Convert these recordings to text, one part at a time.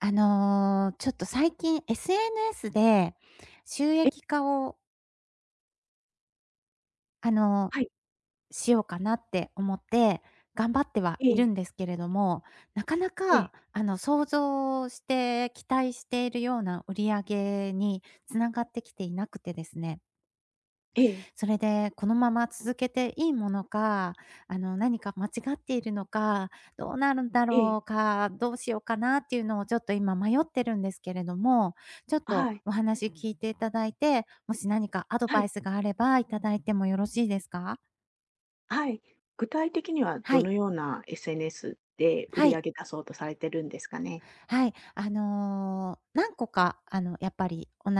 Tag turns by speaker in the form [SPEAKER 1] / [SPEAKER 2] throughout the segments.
[SPEAKER 1] あのちょっと最近 SNS で収
[SPEAKER 2] え
[SPEAKER 1] 益化をあの、
[SPEAKER 2] はい。
[SPEAKER 1] しようかなって思って、頑張っては
[SPEAKER 2] え
[SPEAKER 1] いる
[SPEAKER 2] え。
[SPEAKER 1] んですけれども、なかな
[SPEAKER 2] ええ。
[SPEAKER 1] か、あの、想像して期待しているような売り上げにつながってきていなくてですね。
[SPEAKER 2] ええ。
[SPEAKER 1] それで、このまま続けていいものか、あの何か間違っているのか、どうなるんだ
[SPEAKER 2] ええ。
[SPEAKER 1] ろうか、どうしようかなっていうのをちょっと今迷ってるんですけれども、ちょっ
[SPEAKER 2] あ、
[SPEAKER 1] と
[SPEAKER 2] はい。
[SPEAKER 1] お話聞いていただいて、もし何かアド
[SPEAKER 2] は
[SPEAKER 1] バイ
[SPEAKER 2] い。
[SPEAKER 1] スがあれば、いただいてもよろしいですか？
[SPEAKER 2] はい、具体的には
[SPEAKER 1] は
[SPEAKER 2] ど
[SPEAKER 1] い。
[SPEAKER 2] のような SNS で売
[SPEAKER 1] は
[SPEAKER 2] り
[SPEAKER 1] い。
[SPEAKER 2] 上げ出そうとされてるんですかね。
[SPEAKER 1] はい。あの、何個か、あの、やっぱり同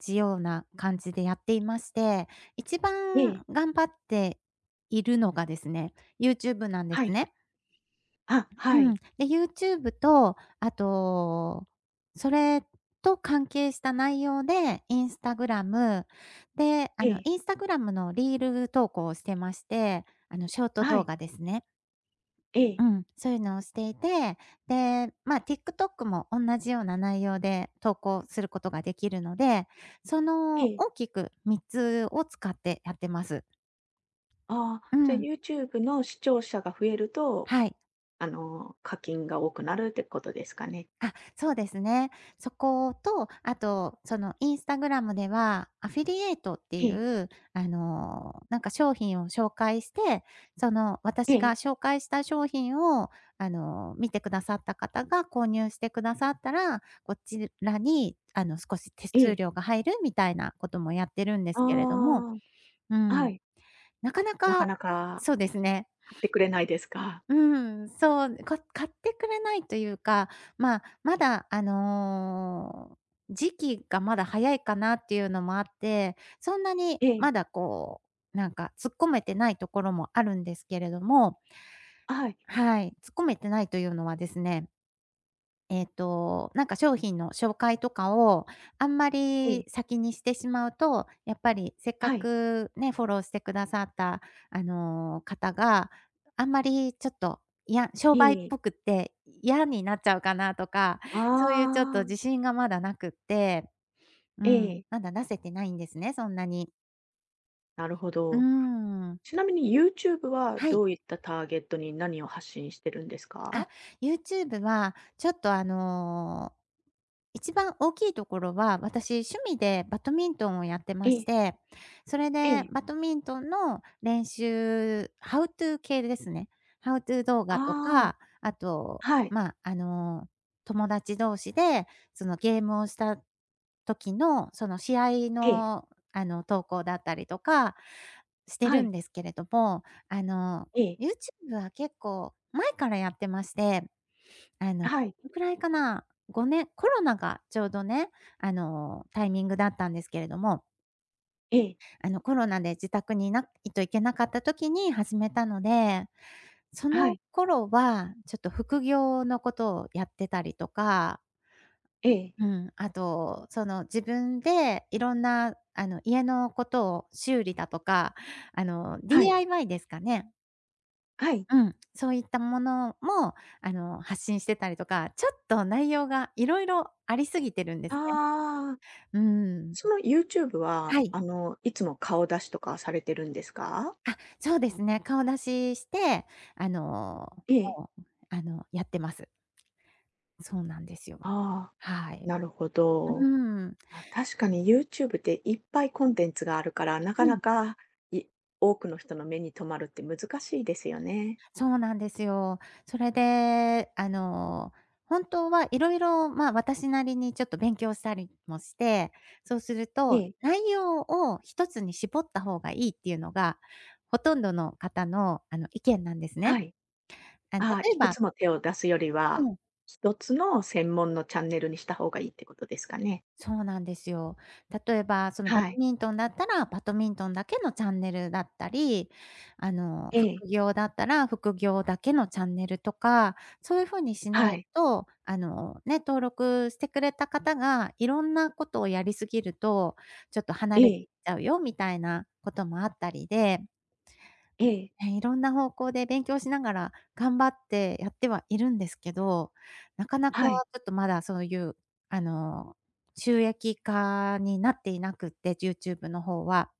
[SPEAKER 1] じような感じでやっていまして、一
[SPEAKER 2] ええ。
[SPEAKER 1] 番頑張っているのがですね、YouTube なんで
[SPEAKER 2] は
[SPEAKER 1] す
[SPEAKER 2] い。
[SPEAKER 1] ね。
[SPEAKER 2] あ、は
[SPEAKER 1] うん。
[SPEAKER 2] い。
[SPEAKER 1] で、YouTube と、あと、それと関係した内容で、Instagram、で、あ
[SPEAKER 2] え
[SPEAKER 1] の、
[SPEAKER 2] え。
[SPEAKER 1] Instagram のリール投稿をしてまして、あの、ショート
[SPEAKER 2] は
[SPEAKER 1] 動
[SPEAKER 2] い。
[SPEAKER 1] 画ですね。
[SPEAKER 2] え
[SPEAKER 1] う
[SPEAKER 2] え。
[SPEAKER 1] ん、そういうのをしていて、で、まあ TikTok も同じような内容で投稿することができるので、そ
[SPEAKER 2] え
[SPEAKER 1] の
[SPEAKER 2] え。
[SPEAKER 1] 大きく3つを使ってやってます。
[SPEAKER 2] あ
[SPEAKER 1] う
[SPEAKER 2] あ、じゃ
[SPEAKER 1] ん。
[SPEAKER 2] YouTube の視聴者が増えると、
[SPEAKER 1] はい。
[SPEAKER 2] あの、課金が多くなるってことですかね？
[SPEAKER 1] あ、そうですね。そこと、あとその Instagram ではアフィリエイトって
[SPEAKER 2] え
[SPEAKER 1] い
[SPEAKER 2] え。
[SPEAKER 1] う、あの、なんか商品を紹介して、その
[SPEAKER 2] え
[SPEAKER 1] 私が
[SPEAKER 2] え。
[SPEAKER 1] 紹介した商品を、あの、見てくださった方が購入してくださったら、こちらに、あの、少し手
[SPEAKER 2] え
[SPEAKER 1] 数
[SPEAKER 2] え。
[SPEAKER 1] 料が入るみたいなこともやってるんで
[SPEAKER 2] あ
[SPEAKER 1] すけれども、
[SPEAKER 2] あ。
[SPEAKER 1] う
[SPEAKER 2] あ、は
[SPEAKER 1] ん、
[SPEAKER 2] い。
[SPEAKER 1] なかな
[SPEAKER 2] なか
[SPEAKER 1] か
[SPEAKER 2] なか。
[SPEAKER 1] そうですね。
[SPEAKER 2] 買ってくれないですか。
[SPEAKER 1] うん、そう、か買ってくれないというか、まあ、まだ、あの、時期がまだ早いかなっていうのもあって、そんなに
[SPEAKER 2] え
[SPEAKER 1] ま
[SPEAKER 2] え。
[SPEAKER 1] だこう、なんか突っ込めてないところもあるんですけれども。
[SPEAKER 2] あ、はい。
[SPEAKER 1] はい。突っ込めてないというのはですねえっと、なんか商品の紹介とかをあんま
[SPEAKER 2] ええ。
[SPEAKER 1] り先にしてしまうと、やっぱりせっか
[SPEAKER 2] はい。
[SPEAKER 1] く、ね、フォローしてくださった、あの、方があんまりちょっと、いや、商
[SPEAKER 2] え
[SPEAKER 1] 売っ
[SPEAKER 2] え。
[SPEAKER 1] ぽくって嫌になっちゃうかなとか、そういうちょっと
[SPEAKER 2] ああ。
[SPEAKER 1] 自信がまだなくって。う
[SPEAKER 2] え
[SPEAKER 1] ん、
[SPEAKER 2] え。
[SPEAKER 1] まだ出せてないんですね、そんなに。
[SPEAKER 2] なるほ
[SPEAKER 1] うーん、う
[SPEAKER 2] ど。
[SPEAKER 1] んうんうん。
[SPEAKER 2] ちなみにユーチューブは、
[SPEAKER 1] はい。
[SPEAKER 2] どういったターゲットに何を発信してるんです
[SPEAKER 1] あ、
[SPEAKER 2] か？
[SPEAKER 1] ユーチューブはちょっと、あの、一番大きいところは、私、趣味でバドミントンをやってま
[SPEAKER 2] え
[SPEAKER 1] し
[SPEAKER 2] え。
[SPEAKER 1] て、それ
[SPEAKER 2] え
[SPEAKER 1] で
[SPEAKER 2] え。
[SPEAKER 1] バドミントンの練習ハウトゥー系ですね。ハウトゥー動画と
[SPEAKER 2] ああ。
[SPEAKER 1] か、あと、
[SPEAKER 2] はい。
[SPEAKER 1] ま、あの、友達同士で、その、ゲームをした時のその試合
[SPEAKER 2] ええ。
[SPEAKER 1] の、あの、投稿だったりとか、して
[SPEAKER 2] は
[SPEAKER 1] る
[SPEAKER 2] い。
[SPEAKER 1] んですけれども、あの、
[SPEAKER 2] ええ。
[SPEAKER 1] ユーチューブは結構前からやってまして、あの
[SPEAKER 2] あ、はい。
[SPEAKER 1] ぐらいかな、5年コロナがちょうどね、あの、タイミングだったんですけれども
[SPEAKER 2] ええ。
[SPEAKER 1] あの、コロナで自宅にいないといけなかった時に始めたので。そ
[SPEAKER 2] あ、は
[SPEAKER 1] の
[SPEAKER 2] い。
[SPEAKER 1] 頃は、ちょっと副業のことをやってたりとか
[SPEAKER 2] ええ。
[SPEAKER 1] うん、あと、その自分でいろんな、あの、家のことを修理だとか、あの、
[SPEAKER 2] はい。
[SPEAKER 1] DIY ですかね。
[SPEAKER 2] はい。
[SPEAKER 1] うん。そういったものも、あの、発信してたりとか、ちょっと、内容がいろいろありすぎてるんですね。
[SPEAKER 2] ああ。
[SPEAKER 1] うーん。
[SPEAKER 2] そのユーチューブは、
[SPEAKER 1] はい。
[SPEAKER 2] あの、いつも顔出しとかされてるんですか？
[SPEAKER 1] あ、そうですね。顔出しして、あの、
[SPEAKER 2] ええ。
[SPEAKER 1] もう、あの、やってます。そうなんですよ。
[SPEAKER 2] ああ、
[SPEAKER 1] はい。
[SPEAKER 2] なるほど。
[SPEAKER 1] うん。
[SPEAKER 2] あ、確かにユーチューブっていっぱいコンテンツがあるから、なか
[SPEAKER 1] う
[SPEAKER 2] な
[SPEAKER 1] ん。
[SPEAKER 2] か、い多くの人の目に留まるって難しいですよね。
[SPEAKER 1] そうなんですよ。それで、あの、本当はいろいろ、まあ、私なりにちょっと勉強したりもして、そうすると、
[SPEAKER 2] ええ。
[SPEAKER 1] 内容を一つに絞った方がいいっていうのがほとんどの方の、あの、意見なんです
[SPEAKER 2] は
[SPEAKER 1] ね。
[SPEAKER 2] い。
[SPEAKER 1] あ、例
[SPEAKER 2] ああ、
[SPEAKER 1] え
[SPEAKER 2] いく
[SPEAKER 1] ば
[SPEAKER 2] つも手を出すより
[SPEAKER 1] う
[SPEAKER 2] は
[SPEAKER 1] ん。
[SPEAKER 2] 1つの専門のチャンネルにした方がいいってことですかね？
[SPEAKER 1] そうなんですよ。例えばその、ば
[SPEAKER 2] は
[SPEAKER 1] と
[SPEAKER 2] い。
[SPEAKER 1] みんとんだったら、バドミントンだけのチャンネルだったり、あの、
[SPEAKER 2] ええ。
[SPEAKER 1] 副業だったら副業だけのチャンネルとか、そういう風にしな
[SPEAKER 2] は
[SPEAKER 1] い
[SPEAKER 2] い。
[SPEAKER 1] と、あの、ね、登録してくれた方がいろんなことをやりすぎると、ちょっと、離
[SPEAKER 2] え
[SPEAKER 1] れてい
[SPEAKER 2] え。
[SPEAKER 1] っちゃうよみたいなこともあったりで
[SPEAKER 2] ええ。
[SPEAKER 1] ね、いろんな方向で勉強しながら頑張ってやってはいるんですけど、なかなかちょ
[SPEAKER 2] はい。
[SPEAKER 1] っと、まだそういう、あの、収益化になっていなくって、ユーチューブの方は。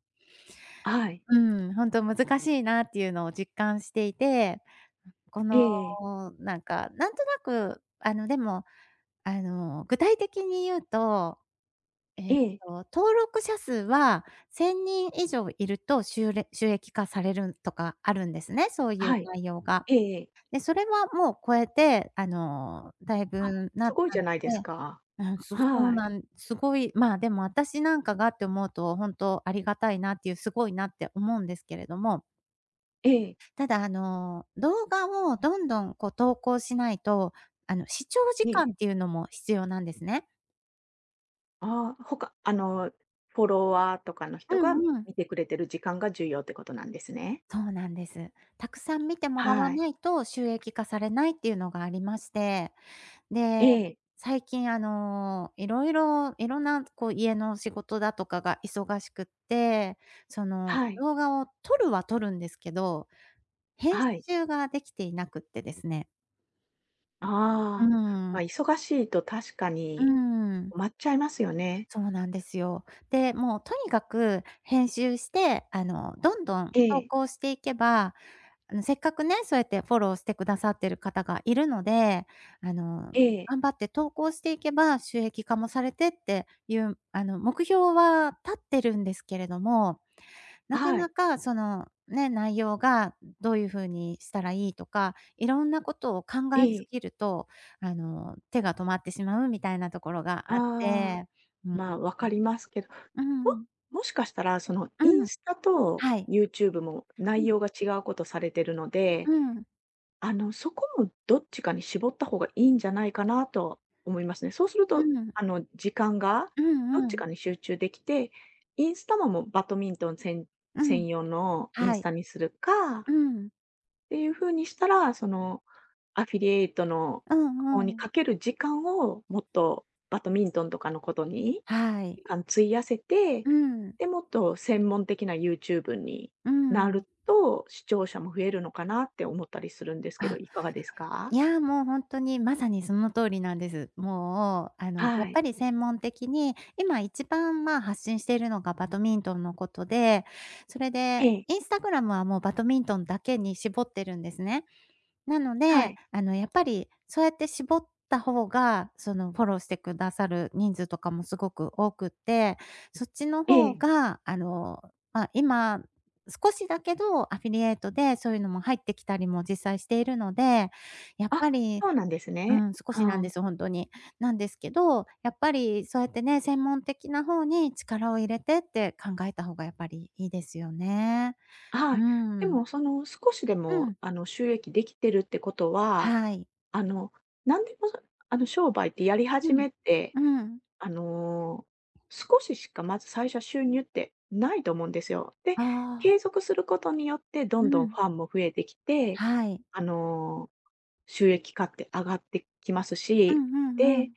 [SPEAKER 2] はい。
[SPEAKER 1] うん、ほんと難しいなっていうのを実感していて、こ
[SPEAKER 2] え
[SPEAKER 1] の、
[SPEAKER 2] え。
[SPEAKER 1] なんか、なんとなく、あの、でも、あの、具体的に言うと、えっ
[SPEAKER 2] ええ。
[SPEAKER 1] と、登録者数は1000人以上いると、しゅうれ収益化されるんとかあるんですね、そういう
[SPEAKER 2] はい。
[SPEAKER 1] 内容が。
[SPEAKER 2] ええ。
[SPEAKER 1] で、それはもう超えて、あの、だいぶ
[SPEAKER 2] あ、
[SPEAKER 1] んな
[SPEAKER 2] す
[SPEAKER 1] った
[SPEAKER 2] ごいじゃ ないです
[SPEAKER 1] で。
[SPEAKER 2] か。
[SPEAKER 1] うん、そう、そう
[SPEAKER 2] はい。
[SPEAKER 1] なんすごい、まあ、でも私なんかがって思うと、本当ありがたいなっていう、すごいなって思うんですけれども。
[SPEAKER 2] ええ。
[SPEAKER 1] ただ、あの、動画をどんどん、こう、投稿しないと、あの、視聴時間
[SPEAKER 2] え。
[SPEAKER 1] っていうのも必要なんですね。
[SPEAKER 2] ああ、ほかあの、フォロワーとかの
[SPEAKER 1] う
[SPEAKER 2] 人が
[SPEAKER 1] んうん。
[SPEAKER 2] 見てくれてる時間が重要ってことなんですね。
[SPEAKER 1] そうなんです。たくさん見てもらわ
[SPEAKER 2] はい。
[SPEAKER 1] ないと収益化されないっていうのがありまして、
[SPEAKER 2] え
[SPEAKER 1] で、
[SPEAKER 2] え。
[SPEAKER 1] 最近、あの、いろいろいろんな、こう、家の仕事だとかが忙しくって、その、
[SPEAKER 2] はい。
[SPEAKER 1] 動画を撮るは撮るんですけど、
[SPEAKER 2] あ
[SPEAKER 1] 編
[SPEAKER 2] はい。
[SPEAKER 1] 集ができていなくってですね。う
[SPEAKER 2] ああ、ま、
[SPEAKER 1] ん。
[SPEAKER 2] 忙しいと確か
[SPEAKER 1] うー
[SPEAKER 2] に
[SPEAKER 1] ん。
[SPEAKER 2] 埋まっちゃいますよね。
[SPEAKER 1] そうなんですよ。で、もうとにかく編集して、あの、どんどん
[SPEAKER 2] え
[SPEAKER 1] 投
[SPEAKER 2] え。
[SPEAKER 1] 稿していけば、あの、せっかくね、そうやってフォローしてくださってる方がいるので、あの、
[SPEAKER 2] ええ。
[SPEAKER 1] 頑張って投稿していけば、収益化もされてっていう、あの、目標は立ってるんですけれども、
[SPEAKER 2] あ
[SPEAKER 1] なか
[SPEAKER 2] はい。
[SPEAKER 1] なか、その、ね、内容がどういう風にしたらいいとか、いろんなことを考
[SPEAKER 2] え
[SPEAKER 1] えす
[SPEAKER 2] え。
[SPEAKER 1] ぎると、あの、手が止まってしまうみたいなところがあっ
[SPEAKER 2] ああ、
[SPEAKER 1] て。
[SPEAKER 2] まあ、分かりますけど、
[SPEAKER 1] う
[SPEAKER 2] も
[SPEAKER 1] ん。
[SPEAKER 2] もしかしたらその、
[SPEAKER 1] う
[SPEAKER 2] イン
[SPEAKER 1] ん。
[SPEAKER 2] スタと
[SPEAKER 1] はい。
[SPEAKER 2] ユーチューブも
[SPEAKER 1] う
[SPEAKER 2] 内
[SPEAKER 1] ん。
[SPEAKER 2] 容が違うことされてるの
[SPEAKER 1] う
[SPEAKER 2] で、
[SPEAKER 1] ん。
[SPEAKER 2] あの、そこもどっちかに絞った方がいいんじゃないかなと思いますね。そうする
[SPEAKER 1] う
[SPEAKER 2] と、
[SPEAKER 1] ん。
[SPEAKER 2] あの、時間が
[SPEAKER 1] う
[SPEAKER 2] ど
[SPEAKER 1] ん
[SPEAKER 2] っ
[SPEAKER 1] う
[SPEAKER 2] ち
[SPEAKER 1] ん。
[SPEAKER 2] かに集中できて、インスタももう、バドミントンせん
[SPEAKER 1] うん、
[SPEAKER 2] 専用のイン
[SPEAKER 1] は
[SPEAKER 2] ス
[SPEAKER 1] い。
[SPEAKER 2] タにするか
[SPEAKER 1] うん。
[SPEAKER 2] っていう風にしたら、その、アフィリエイトの
[SPEAKER 1] うん
[SPEAKER 2] 方に
[SPEAKER 1] うん。
[SPEAKER 2] かける時間をもっとバドミントンとかのことに、
[SPEAKER 1] はい。
[SPEAKER 2] あの、費やせて、
[SPEAKER 1] うん。
[SPEAKER 2] で、もっと専門的なユーチューブに
[SPEAKER 1] う
[SPEAKER 2] な
[SPEAKER 1] ん。
[SPEAKER 2] ると、視聴者も増えるのかなって思ったりするんですけど、
[SPEAKER 1] あ。
[SPEAKER 2] いかがですか？
[SPEAKER 1] いや、もう、ほんとに、まさにその通りなんです。もう、あの、や
[SPEAKER 2] は
[SPEAKER 1] っぱ
[SPEAKER 2] い。
[SPEAKER 1] り専門的に今一番、ま、発信しているのがバドミントンのことで、それで
[SPEAKER 2] ええ。
[SPEAKER 1] インスタグラムは、もう、バドミントンだけに絞ってるんですね。なの
[SPEAKER 2] は
[SPEAKER 1] で、
[SPEAKER 2] い。
[SPEAKER 1] あの、やっぱりそうやって絞った方が、その、フォローしてくださる人数とかもすごく多くて、そっちの
[SPEAKER 2] え
[SPEAKER 1] 方
[SPEAKER 2] え。
[SPEAKER 1] が、あの、ま、今少しだけど、アフィリエイトでそういうのも入ってきたりも実際しているので、やっぱ
[SPEAKER 2] あ、
[SPEAKER 1] り
[SPEAKER 2] そうなんです
[SPEAKER 1] う
[SPEAKER 2] ね。
[SPEAKER 1] ん、少
[SPEAKER 2] う
[SPEAKER 1] しなんで
[SPEAKER 2] ん。
[SPEAKER 1] すよ、ほんとに。なんですけど、やっぱりそうやってね、専門的な方に力を入れてって考えた方がやっぱりいいですよね。
[SPEAKER 2] あはい。
[SPEAKER 1] う
[SPEAKER 2] で
[SPEAKER 1] ん。
[SPEAKER 2] も、その、少しで
[SPEAKER 1] う
[SPEAKER 2] も、
[SPEAKER 1] ん。
[SPEAKER 2] あの、収益できてるってことは、
[SPEAKER 1] はい。
[SPEAKER 2] あの、何でもそあの、商売ってやり
[SPEAKER 1] う
[SPEAKER 2] 始
[SPEAKER 1] ん
[SPEAKER 2] めって、
[SPEAKER 1] うん。
[SPEAKER 2] あの、少ししかまず最初は収入ってないと思うんですよ。で、
[SPEAKER 1] ああ。
[SPEAKER 2] 継続することによってど
[SPEAKER 1] う
[SPEAKER 2] んどん
[SPEAKER 1] ん。
[SPEAKER 2] ファンも増えてきて、
[SPEAKER 1] はい。
[SPEAKER 2] あの、収益化って上がってきます
[SPEAKER 1] うん
[SPEAKER 2] し、
[SPEAKER 1] うんう
[SPEAKER 2] で、
[SPEAKER 1] ん。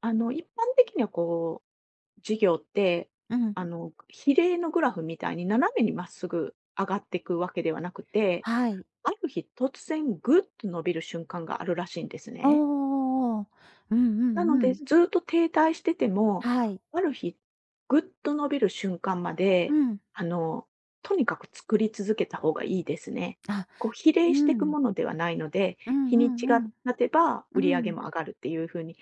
[SPEAKER 2] あの、一般的には、こう、事業って、
[SPEAKER 1] うん。
[SPEAKER 2] あの、比例のグラフみたいに斜めにまっすぐ上がってくわけではなくて、
[SPEAKER 1] はい。
[SPEAKER 2] ある日突然グッと伸びる瞬間があるらしいんです
[SPEAKER 1] あ
[SPEAKER 2] ね。
[SPEAKER 1] あ。うんうん
[SPEAKER 2] なの
[SPEAKER 1] う
[SPEAKER 2] で、
[SPEAKER 1] ん。
[SPEAKER 2] ずっと停滞してても、
[SPEAKER 1] はい。
[SPEAKER 2] ある日グッと伸びる瞬間ま
[SPEAKER 1] う
[SPEAKER 2] で、
[SPEAKER 1] ん。
[SPEAKER 2] あの、とにかく作り続けた方がいいですね。
[SPEAKER 1] あ、
[SPEAKER 2] こう、比
[SPEAKER 1] う
[SPEAKER 2] 例してく
[SPEAKER 1] ん。
[SPEAKER 2] ものではないので、
[SPEAKER 1] うん
[SPEAKER 2] 日
[SPEAKER 1] う
[SPEAKER 2] にち
[SPEAKER 1] んう
[SPEAKER 2] が
[SPEAKER 1] ん。
[SPEAKER 2] 経てば
[SPEAKER 1] う
[SPEAKER 2] 売り上げ
[SPEAKER 1] ん。
[SPEAKER 2] も上がるっていう風に綺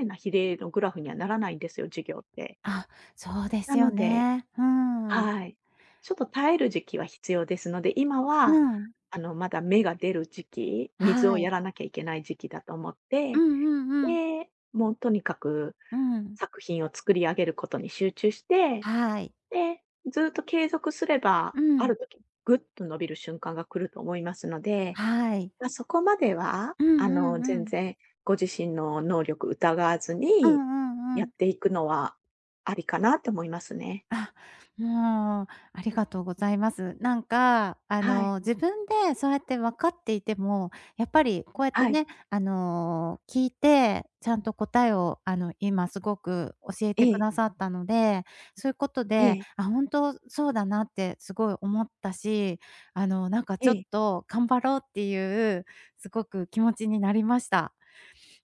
[SPEAKER 2] 麗な比例のグラフにはならないんですよ、事業って。
[SPEAKER 1] あ、そうで
[SPEAKER 2] な
[SPEAKER 1] すよ
[SPEAKER 2] ので
[SPEAKER 1] ね。うーん。
[SPEAKER 2] はい。ちょっと耐える時期は必要ですので、今
[SPEAKER 1] う
[SPEAKER 2] は、
[SPEAKER 1] ん。
[SPEAKER 2] あの、まだ芽が出る時期、水を
[SPEAKER 1] はい。
[SPEAKER 2] やらなきゃいけない時期だと思っ
[SPEAKER 1] う
[SPEAKER 2] て、
[SPEAKER 1] んうんうん。
[SPEAKER 2] で、もう、とにかく
[SPEAKER 1] うん。
[SPEAKER 2] 作品を作り上げることに集中して、
[SPEAKER 1] はい。
[SPEAKER 2] で、ずっと継続すれば、
[SPEAKER 1] う
[SPEAKER 2] あ
[SPEAKER 1] ん。
[SPEAKER 2] る時、ぐっと伸びる瞬間が来ると思いますので、
[SPEAKER 1] はい。
[SPEAKER 2] ま、そこまでは、
[SPEAKER 1] うん
[SPEAKER 2] あ
[SPEAKER 1] う
[SPEAKER 2] の、
[SPEAKER 1] んう
[SPEAKER 2] 全
[SPEAKER 1] ん。
[SPEAKER 2] 然ご自身の能力疑わず
[SPEAKER 1] うん
[SPEAKER 2] に、
[SPEAKER 1] うんう
[SPEAKER 2] やっ
[SPEAKER 1] ん。
[SPEAKER 2] ていくのは、ありかなと思いますね。
[SPEAKER 1] あ、うーん、ありがとうございます。なんか、あ
[SPEAKER 2] はい。
[SPEAKER 1] の、自分でそうやって分かっていても、やっぱりこうやって
[SPEAKER 2] はい。
[SPEAKER 1] ね、あの、聞いて、ちゃんと答えを、あの、今すごく教えて
[SPEAKER 2] え
[SPEAKER 1] く
[SPEAKER 2] え。
[SPEAKER 1] ださったので、そういうこと
[SPEAKER 2] え
[SPEAKER 1] で、
[SPEAKER 2] え。
[SPEAKER 1] あ、本当そうだなってすごい思ったし、あの、なんか、
[SPEAKER 2] え
[SPEAKER 1] ちょっ
[SPEAKER 2] え。
[SPEAKER 1] と頑張ろうっていうすごく気持ちになりました。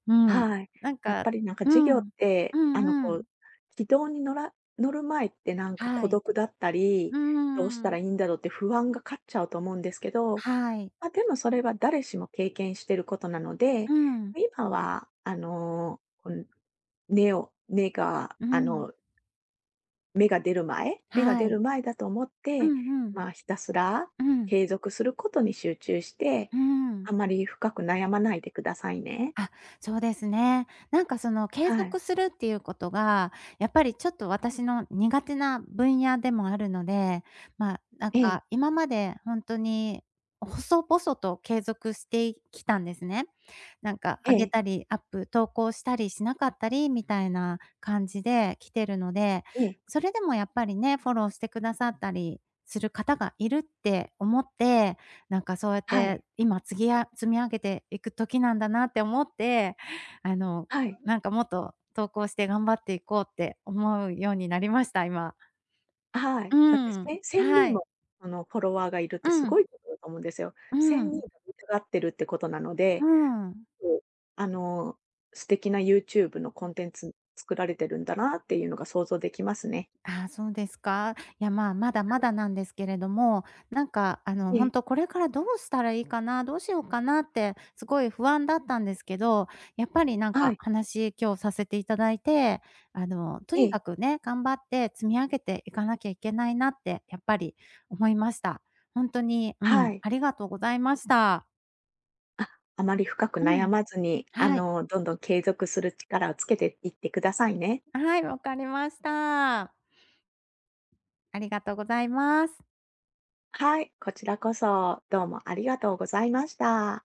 [SPEAKER 1] うん。
[SPEAKER 2] はい。
[SPEAKER 1] なん
[SPEAKER 2] やっ
[SPEAKER 1] か
[SPEAKER 2] ぱり、なんか、
[SPEAKER 1] う
[SPEAKER 2] 事業っ
[SPEAKER 1] ん。う
[SPEAKER 2] て、あの、
[SPEAKER 1] んう
[SPEAKER 2] こう、
[SPEAKER 1] ん。
[SPEAKER 2] 軌道に乗ら乗る前ってなんか、
[SPEAKER 1] は
[SPEAKER 2] 孤
[SPEAKER 1] い。
[SPEAKER 2] 独だったり
[SPEAKER 1] う
[SPEAKER 2] 「どうし
[SPEAKER 1] ー
[SPEAKER 2] たら
[SPEAKER 1] ん。
[SPEAKER 2] いいんだろう」って不安が勝っちゃうと思うんですけど、
[SPEAKER 1] はい。
[SPEAKER 2] まあ、でもそれは誰しも経験してることなの
[SPEAKER 1] う
[SPEAKER 2] で、
[SPEAKER 1] ん。
[SPEAKER 2] 今は、あの、うん、根を根が、
[SPEAKER 1] う
[SPEAKER 2] あ
[SPEAKER 1] ん。
[SPEAKER 2] の芽が出る前芽が
[SPEAKER 1] は
[SPEAKER 2] 出
[SPEAKER 1] い。
[SPEAKER 2] る前だと思っ
[SPEAKER 1] う
[SPEAKER 2] て、
[SPEAKER 1] んうん。
[SPEAKER 2] まあ、ひたすら
[SPEAKER 1] うん。
[SPEAKER 2] 継続することに集中して、
[SPEAKER 1] うん。
[SPEAKER 2] あまり深く悩まないでくださいね。
[SPEAKER 1] あ、そうですね。なんか、その、継
[SPEAKER 2] はい。
[SPEAKER 1] 続するっていうことが、やっぱりちょっと私の苦手な分野でもあるので、ま、なん
[SPEAKER 2] ええ。
[SPEAKER 1] か、今までほんとに細々と継続してい、きたんですね。なんかあげ
[SPEAKER 2] ええ。
[SPEAKER 1] たり、アップ投稿したりしなかったりみたいな感じで来てるので、
[SPEAKER 2] ええ。
[SPEAKER 1] それでもやっぱりね、フォローしてくださったりする方がいるって思って、なんかそうやっ
[SPEAKER 2] はい。
[SPEAKER 1] て今つぎあ積み上げていく時なんだなって思って、あの、
[SPEAKER 2] はい。
[SPEAKER 1] なんか、もっと投稿して頑張っていこうって思うようになりました、今。
[SPEAKER 2] あはい。
[SPEAKER 1] う
[SPEAKER 2] だって、
[SPEAKER 1] ん、
[SPEAKER 2] せんせんに
[SPEAKER 1] は
[SPEAKER 2] ん
[SPEAKER 1] い。
[SPEAKER 2] も、その、フォロワーがいるってす
[SPEAKER 1] う
[SPEAKER 2] ご
[SPEAKER 1] ん。
[SPEAKER 2] いことだと思うんですよ。
[SPEAKER 1] う
[SPEAKER 2] 1000人
[SPEAKER 1] ん。
[SPEAKER 2] が見たがってるってことなの
[SPEAKER 1] う
[SPEAKER 2] で、
[SPEAKER 1] ん。
[SPEAKER 2] あの、素敵なユーチューブのコンテンツ作られてるんだなあっていうのが想像できますね。
[SPEAKER 1] ああ、そうですか。いや、まあ、まだま だなんですけれども、なんか、あの、
[SPEAKER 2] え
[SPEAKER 1] ほん
[SPEAKER 2] え。
[SPEAKER 1] と「これからどうしたらいいかな、どうしようかな」ってすごい不安だったんですけど、やっぱり、なん
[SPEAKER 2] は
[SPEAKER 1] か、
[SPEAKER 2] い。
[SPEAKER 1] 話、今日させていただいて、あの、と
[SPEAKER 2] え
[SPEAKER 1] に
[SPEAKER 2] え。
[SPEAKER 1] かくね、頑張って積み上げていかなきゃいけないなって、やっぱり思いました。ほんとに、う
[SPEAKER 2] は
[SPEAKER 1] ん、
[SPEAKER 2] い。
[SPEAKER 1] ありがとうございました。
[SPEAKER 2] あ、あまり深く
[SPEAKER 1] う
[SPEAKER 2] 悩
[SPEAKER 1] ん、
[SPEAKER 2] まずに、あ
[SPEAKER 1] はい。
[SPEAKER 2] の、どんどん継続する力をつけていってくださいね。
[SPEAKER 1] はい、わかりました。ありがとうございます。
[SPEAKER 2] はい、こちらこそ、どうもありがとうございました。